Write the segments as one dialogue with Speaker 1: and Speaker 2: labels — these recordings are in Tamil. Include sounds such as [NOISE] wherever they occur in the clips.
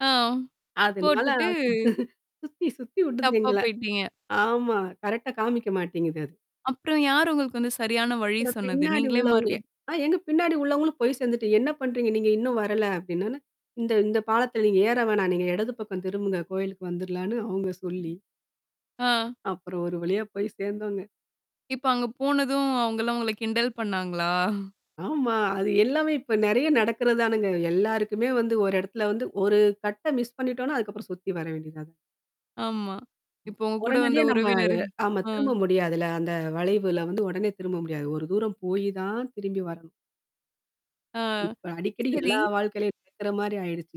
Speaker 1: ஆ.
Speaker 2: அதனால
Speaker 1: போட்டுட்டு
Speaker 2: அது சுத்தி சுத்தி உடுது
Speaker 1: தப்பா
Speaker 2: எங்கள.
Speaker 1: போயிட்டீங்க!
Speaker 2: ஆமா! கரெக்ட்டா காமிக்க மாட்டேங்குது அது.
Speaker 1: அப்புறம் யாரு உங்களுக்கு வந்து சரியான வழி
Speaker 2: அப்புறம்
Speaker 1: சொன்னது?
Speaker 2: பின்னாடி
Speaker 1: நீங்களே
Speaker 2: உள்ளவங்க
Speaker 1: மறுப்
Speaker 2: அ எங்க பின்னாடி உள்ளவங்களும் போய் சேந்துட்டு "என்னா பண்றீங்க நீங்க? இன்னும் வரல!" அப்படின்னோன்ன, இந்த இந்த பாலத்துல நீங்க ஏற வேணாம் நீங்க எடது பக்கம் திரும்புங்க, கோவிலுக்கு வந்துரலான்னு அவுங்க சொல்லி.
Speaker 1: ஆ.
Speaker 2: அப்புறம் ஒரு வழியா போய் சேர்ந்தோங்க.
Speaker 1: இப்போ அங்க போனதும், அவுங்கலாம் உங்கள கிண்டல் பண்ணாங்களா?
Speaker 2: ஆமா. அது எல்லாமே இப்போ நெறையா நடக்கறது தானேங்க. எல்லாருக்குமே வந்து ஒரு எடத்துல வந்து ஒரு கட்ட மிஸ் பண்ணிட்டோம்னா அதுக்கப்புறம் சுத்தி வர வேண்டியதா தான்
Speaker 1: ஆமா.
Speaker 2: ம்
Speaker 1: இப்போ உங்க கூட வந்த
Speaker 2: உடனடியா நம்ம அத
Speaker 1: உறவினரு
Speaker 2: ஆமா
Speaker 1: ஆ.
Speaker 2: திரும்ப முடியாதுல்ல! அந்த வளைவுல வந்து உடனே திரும்ப முடியாது. ஒரு தூரம் போயி தான் திரும்பி வரணும்.
Speaker 1: ஆ.
Speaker 2: இப்ப அடிக்கடி
Speaker 1: சரி.
Speaker 2: எல்லா வாழ்க்கைலையும் கேக்குற மாரி ஆயிடுச்சு.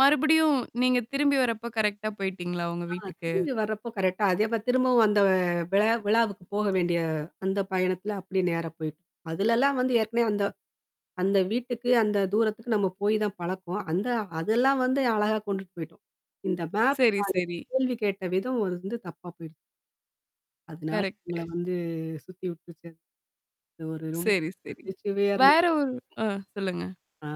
Speaker 1: மறுபடியும், நீங்க திரும்பி வரப்ப, கரெக்ட்டா போயிட்டீங்களா உங்க
Speaker 2: ஆ
Speaker 1: வீட்டுக்கு?
Speaker 2: திரும்பி வரப்போ கரெக்ட்டா அதே போ திரும்பவும் அந்த விழா விழாவுக்கு போக வேண்டிய அந்த பயணத்தில அப்டி நேரா போய்ட்டோம். அதுலலாம் வந்து, ஏற்கனவே அந்த அந்த வீட்டுக்கு, அந்த தூரத்துக்கு நம்ம போய் தான் பழக்கம். அந்த அதெல்லாம் வந்து அழகா கொண்டுட்டு போய்ட்டோம். இந்த மேப்
Speaker 1: சரி சரி.
Speaker 2: [UNINTELLIGIBLE] கேள்வி கேட்ட விதம் ஒரு வந்து தப்பா போயிடுச்சு. அதனால
Speaker 1: கரெக்ட்டு.
Speaker 2: எங்கள வந்து சுத்தி உட்ருச்சு அது. அது ஒரு ரொம்ப
Speaker 1: சரி சரி.
Speaker 2: நகைச்சுவையா இருந்துது.
Speaker 1: வேற ஒரு ஆ சொல்லுங்க.
Speaker 2: ஆ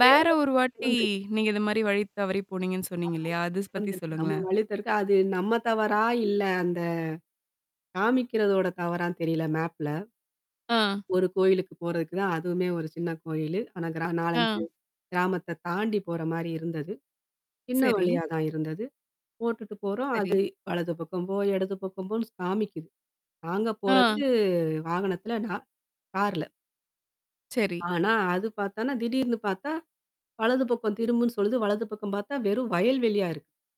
Speaker 1: வேற ஒரு வாட்டி, நீங்க இத மாரி வழி தவறி போனீங்கன்னு சொன்னீங்க இல்லையா
Speaker 2: [UNINTELLIGIBLE]
Speaker 1: அது பத்தி
Speaker 2: வந்திருக்கு. நம்ம
Speaker 1: சொல்லுங்களேன்.
Speaker 2: வழி [UNINTELLIGIBLE] அது நம்ம தவறா? இல்லை அந்த காமிக்கிறதோட தவறான்னு தெரில! மேப்ல
Speaker 1: ஆ.
Speaker 2: ஒரு கோயிலுக்கு போறதுக்கு தான் அதுவுமே ஒரு சின்ன கோயிலு. ஆனா, கிரா
Speaker 1: ஆ.
Speaker 2: 4, 5 கிராமத்த தாண்டி போற மாரி இருந்தது. சின்ன
Speaker 1: சரி.
Speaker 2: வழியா தான் இருந்தது. போட்டுட்டு போறோம். அது
Speaker 1: சரி.
Speaker 2: வலது பக்கம் போ! இடது பக்கம் போன்னு காமிக்குது நாங்க போறது
Speaker 1: ஆ.
Speaker 2: வாகனத்தில, நா கார்ல!
Speaker 1: சரி.
Speaker 2: ஆனா, அது பாத்தான்னா திடீர்னு பாத்தா, வலது பக்கம் திரும்புன்னு சொல்லுது வலது பக்கம் பாத்தா, வெறும் வயல் வெளியா இருக்கு.